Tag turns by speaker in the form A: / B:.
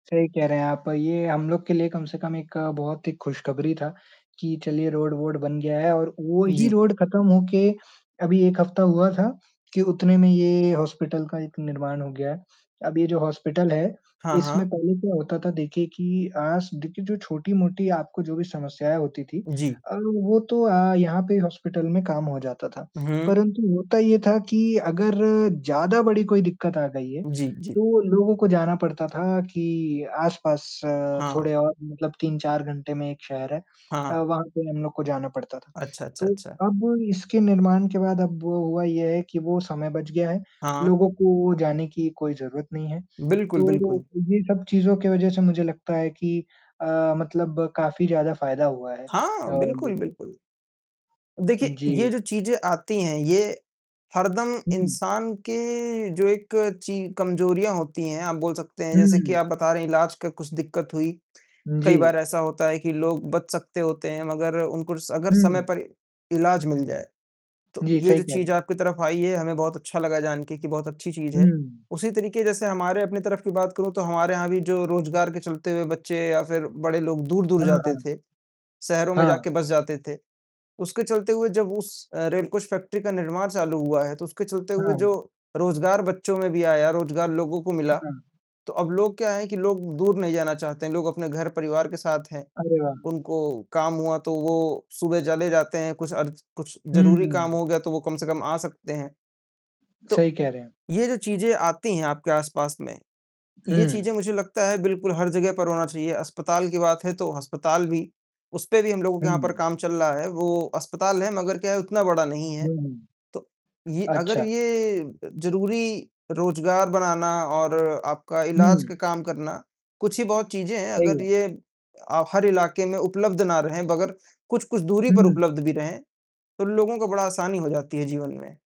A: सही कह रहे हैं आप। ये हम लोग के लिए कम से कम एक बहुत ही खुशखबरी था कि चलिए रोड, वोड बन गया है और वही
B: जी।
A: रोड ख़त्म होके अभी 1 हफ्ता हुआ था कि उतने में ये हॉस्पिटल का एक निर्माण हो गया है। अब ये जो हॉस्पिटल है,
B: हाँ,
A: इसमें
B: हाँ।
A: पहले क्या होता था देखिए कि आज देखिए जो छोटी-मोटी आपको जो भी समस्याएँ होती थीं
B: जी।
A: अ, वो तो अ यहाँ पे हॉस्पिटल में काम हो जाता था।
B: हुँ।
A: परंतु होता ये था कि अगर ज़्यादा बड़ी कोई दिक़्क़त आ गई है,
B: जी, जी।
A: तो लोगों को जाना पड़ता था कि आस-पास
B: हाँ।
A: थोड़े और मतलब 3-4 घंटे में एक शहर है
B: हाँ,
A: अ,
B: हाँ।
A: वहाँ पे हम लोग को जाना पड़ता था।
B: अच्छा, अच्छा,
A: तो
B: अच्छा।
A: अब इसके निर्माण के बाद अब हुआ ये है कि वो समय बच गया है,
B: हाँ।
A: लोगों को जाने की कोई ज़रूरत नहीं है।
B: बिल्कुल,
A: तो
B: बिल्कुल।
A: ये सब चीज़ों के वजह से मुझे लगता है कि अ, मतलब काफ़ी ज़्यादा फ़ायदा हुआ है। अ
B: हाँ, बिल्कुल,
A: ये
B: बिल्कुल।
A: उ,
B: देखिए, ये
A: जी।
B: जो चीज़ें आती हैं, ये हरदम
A: हुँ, हुँ।
B: इंसान के जो एक ची कमजोरियाँ होती हैं, आप बोल सकते हैं जैसे कि
A: हुँ।
B: आप बता रहे हैं इलाज का कुछ दिक़्क़त हुई। कई
A: जी।
B: बार ऐसा होता है कि लोग बच सकते होते हैं मगर उनको अगर समय
A: हुँ।
B: पर इलाज मिल जाए। तो
A: जी,
B: ये
A: सही
B: जो
A: कह रहे।
B: चीज़ आपकी तरफ़ आई है हमें बहुत अच्छा लगा जान के कि बहुत अच्छी चीज़ है।
A: हुँ।
B: उसी तरीक़े जैसे हमारे अपनी तरफ़ की बात करूँ तो हमारे यहाँ भी जो रोजगार के चलते हुए बच्चे या फ़िर बड़े लोग दूर-दूर
A: हाँ,
B: जाते
A: हाँ।
B: थे, शहरों में
A: हाँ।
B: जाके बस जाते थे। उसके चलते हुए जब उस अ, रेल कोच फैक्ट्री का निर्माण चालू हुआ है, तो उसके चलते हुए
A: हाँ।
B: जो रोजगार बच्चों में भी आया, रोजगार लोगों को मिला।
A: हुँ, हुँ।
B: तो अब लोग क्या है कि लोग दूर नहीं जाना चाहते हैं, लोग अपने घर परिवार के साथ हैं।
A: अरे वाह!
B: उनको काम हुआ तो वो सुबह चले जाते है, कुछ अर्ज कुछ ज़रूरी काम
A: हुँ।
B: हो गया तो वो कम से कम आ सकते हैं। तो,
A: सही कह रहे हैं।
B: ये जो चीज़ें आती हैं आपके आस-पास में, ये
A: हुँ।
B: चीज़ें मुझे लगता है बिल्कुल हर जगह पर होना चाहिए, अस्पताल की बात है तो अस्पताल भी। उस पे भी हम लोगों के यहाँ पर
A: हुँ।
B: काम चल रहा है, वो अस्पताल है मगर क्या है उतना बड़ा नहीं है।
A: हुँ, हुँ।
B: तो ये अगर
A: अच्छा!
B: ये अ, ज़रूरी रोजगार बनाना और आपका इलाज
A: हुँ।
B: का काम करना कुछ ही बहुत चीज़ें हैं,
A: सही
B: अगर
A: है।
B: ये अ, हर इलाके में उपलब्ध ना रहें मगर कुछ-कुछ दूरी पर
A: हुँ।
B: उपलब्ध भी रहें, तो लोगों का बड़ा आसानी हो जाती है जीवन में।